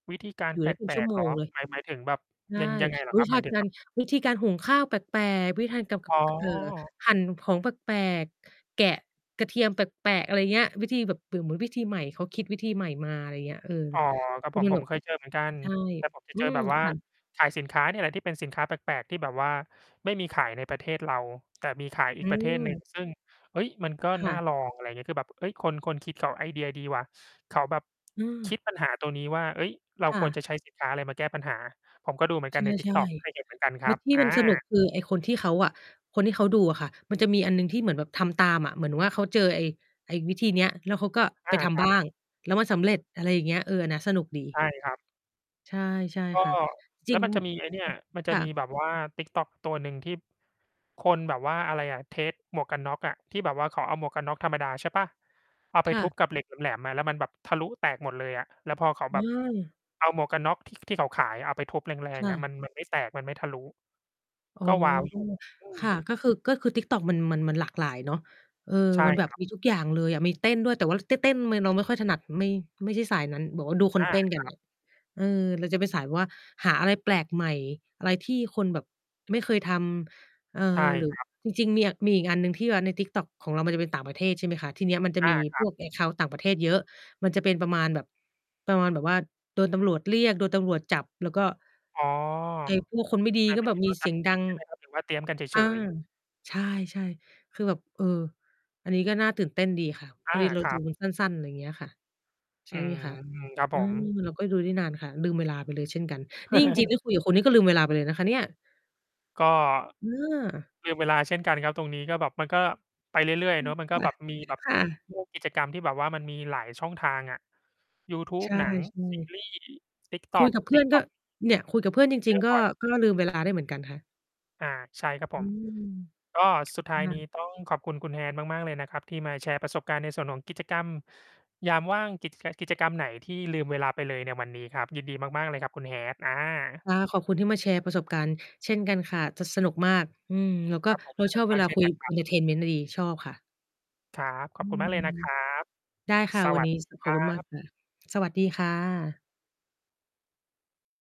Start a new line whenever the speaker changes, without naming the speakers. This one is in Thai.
วิธีการ
เหล
แ
ื
ป
อเป็นช
ล
ั่ว
ก
โ
ๆ
ม
เหร
ง
อ?
เลย
หมาย หมายถึงแบบ
ใช่
ยัง ยังไงเหร
อ
อ
ุ๊
คร
ย
ับ?
ถ
ห
้
ม
า
ายถึง
กา
แบ
ร
บ
วิธีการหุงข้าวแปลก ๆ วิธีทานกับ ก
อ๋
ก เอ่อ
อ
หั่นของแปลก ๆ แกะ กระเทียมแปลกแปะ อะไรเงี้ย วิธีแบบเหมือน เหมือนวิธีใหม่ เขาคิดวิธีใหม่มา อะไรเงี้ย เออ
อ๋อ ครับ
คื
ผ
อ
ม
มัน
ผ
แบ
ม
บ
เคยเจอเหมือนกัน
ใช่
แต่ผมจะ
อื
เจอ
ม
แบบว่า
ค่ะ
ขายสินค้าเนี่ยแหละที่เป็นสินค้าแปลก ๆ ที่แบบว่าไม่มีขายในประเทศเรา แต่มีขาย
อ
อี
ื
ก ประเทศหนึ่ง
ม
ซึ่ง เฮ้ย! มันก็
ค
น
่
่า
ะ
ลอง อะไรเงี้ย คือแบบ "เฮ่ย! คน คนคิดเขาไอเดียดีว่ะ" เขาแบบ
เ
ค
ออ
ิดปัญหาตรงนี้ว่า "เฮ้ย เรา
ค่
ควร
ะ
จะใช้สินค้าอะไรมาแก้ปัญหา" ผมก็ดูเหมือน
ใ
กันใน
ช่
TikTok เคยเห็นเหมือนกันค
ๆ แล
ร
้
ั
ว
บ
ที่
อ
มันสนุก
า
คือไอ้คนที่เขาอะ คนที่เค้าดูอะค่ะ มันจะมีอันหนึ่งที่เหมือนแบบทำตามอะ เหมือนว่าเขาเจอไอ้ ไอ้วิธีเนี้ย แล้วเขาก็
อ
ไป
า
ท
คร
ำ
ั
บ
บ
้าง แล้วมันสำเร็จ อะไรอย่างเงี้ย เออ อันเนี้ยสนุกด
ใช
ี
่ครับ
ใช่ ใช่
ก็
ค่ะ จ
แล
ริ
้ว
ง
มันจะมีไอ้เนี่ย มันจ
ค
ะ
่ะ
มีแบบว่า TikTok ตัวหนึ่งที่ คนแบบว่า อะไรอะ เทสต์ หมวกกันน็อกอะ ที่แบบว่าเขาเอาหมวกกันน็อกธรรมดา ใช่เปล่า เอาไป
ค่
ทุ
ะ
บกับเหล็กแหลม ๆ อะ แล้วมันแบบทะลุแตกหมดเลยอะ แล้วพอเขาแบบ
เออ
เอาหมวกกันน็อก ท ที่เขาขายอะ เอาไปทุบแร
ค
ง
่
ๆ อะ
ะ
มัน มันไม่แตก มันไม่ทะลุ
อ๋อ
ก็ว้าวอยู่ อื
ค่ะ
ม
ก็คือ ก็คือ TikTok มัน มัน มันหลากหลายเนาะ เออ
ใช่
มันแบ
ค
บ
รับ
มีทุกอย่างเลยอะ มีเต้นด้วย แต่ว่า จ เต้น เต้นเลย เราไม่ค่อยถนัด ไม่ ไม่ใช่สายนั้น บอกว่าดูค
อ
น
า
เต้นก
ค
ัน
ร
เ
ั
น
บ
ี่ย เออ เราจะเป็นสายแบบว่าหาอะไรแปลกใหม่ อะไรที่คนแบบไม่เคยทำ เออ
ใช่
หรือ
ครับ
จริง ๆ เนี่ยมีอีกอันหนึ่งที่เวลาใน TikTok ของเรามันจะเป็นต่างประเทศ ใช่ไหมคะ ทีเนี้ยมันจะ
อา
มี
คร
พ
ับ
วก แอ็กเคานต์ ต่างประเทศเยอะ มันจะเป็นประมาณแบบ ประมาณแบบว่าโดนตำรวจเรียก โดนตำรวจจับ แล้วก็
อ๋อ
แก๊งพวกคนไม่ดี
อ่า
ก็
หมา
แบ
ยถ
บ
ึง
ม
เ
ี
ขา
เ
ท
สียง
ำ
ด
จร
ั
ิง
ง
ใช่ไหมครับ หรือว่า เตี๊ยมกันเ
อ
ฉ
า
ย ๆ?
ใช่ ๆ คือแบบ เออ อันนี้ก็น่าตื่นเต้นดีค่ะ
อ
พอ
า
ดีเรา
คร
ด
ั
ู
บ
มันสั้น ๆ อะไรเงี้ยค่ะ ใช
อื
่ไหม
ม
คะ
ครับ
อื
ผม
ม เราก็ดูได้นานค่ะ ลืมเวลาไปเลยเช่นกัน นี่จริง ๆ ได้คุยกับคุณนี่ก็ลืมเวลาไปเลยนะคะเนี่ย
ก็
อา
ลืมเวลาเช่นกันครับตรงนี้ ก็แบบมันก็ไปเรื่อย ๆ เนาะ มันก
อ
็
ื
แบ
อ
บ
ค
มี
่
แ
ะ
บบ
ค่ะ
พวก กิจกรรมที่แบบว่ามันมีหลายช่องทางอะ ยูทู
ใ
บ
ช่
หนัง ซี
ๆ
รีส์
คุย
TikTok
กับเพื่อนก็
TikTok
เนี่ย คุยกับเพื่อนจ
เ
ร
จ
ิง
อ
ๆ ก
บ
็
่อย
ก็ ล ลืมเวลาได้เหมือนกันค่ะ
อา ใช่ครับ
อ
ผ
ื
ม
ม
ก็สุดท้าย
ค่
นี้
ะ
ต้อง ขอบคุณคุณ Hat มาก ๆ เลยนะครับ ที่มาแชร์ประสบการณ์ในส่วนของกิจกรรม ยามว่าง กิจ ก กิจกรรมไหนที่ลืมเวลาไปเลยในวันนี้ครับ ยินดีมาก ๆ เลยครับคุณ Hat อา
ค่ะ ขอบคุณที่มาแชร์ประสบการณ์เช่นกันค่ะ จะสนุกมาก อืม แล้วก็
ครับผม
เรา
ส
ช
นุ
อ
ก
บเ
ม
ว
าก
ลา
เช่
ค
น
ุย
กั
กั
น
บ
ค
ค
ร
ุ
ับ
ณ เอนเทอร์เทนเมนต์ ดี ชอบค่ะ
ครับ ข
อื
อบคุณม
ม
ากเลยนะครับ
ได้ค่ะ
ส
วั
ว
น
ั
นี
ส
้
ดี
ส ข
ค
อ
ร
บ
ั
คุณมาก
บ
ค่ะ สวัสดีค่ะ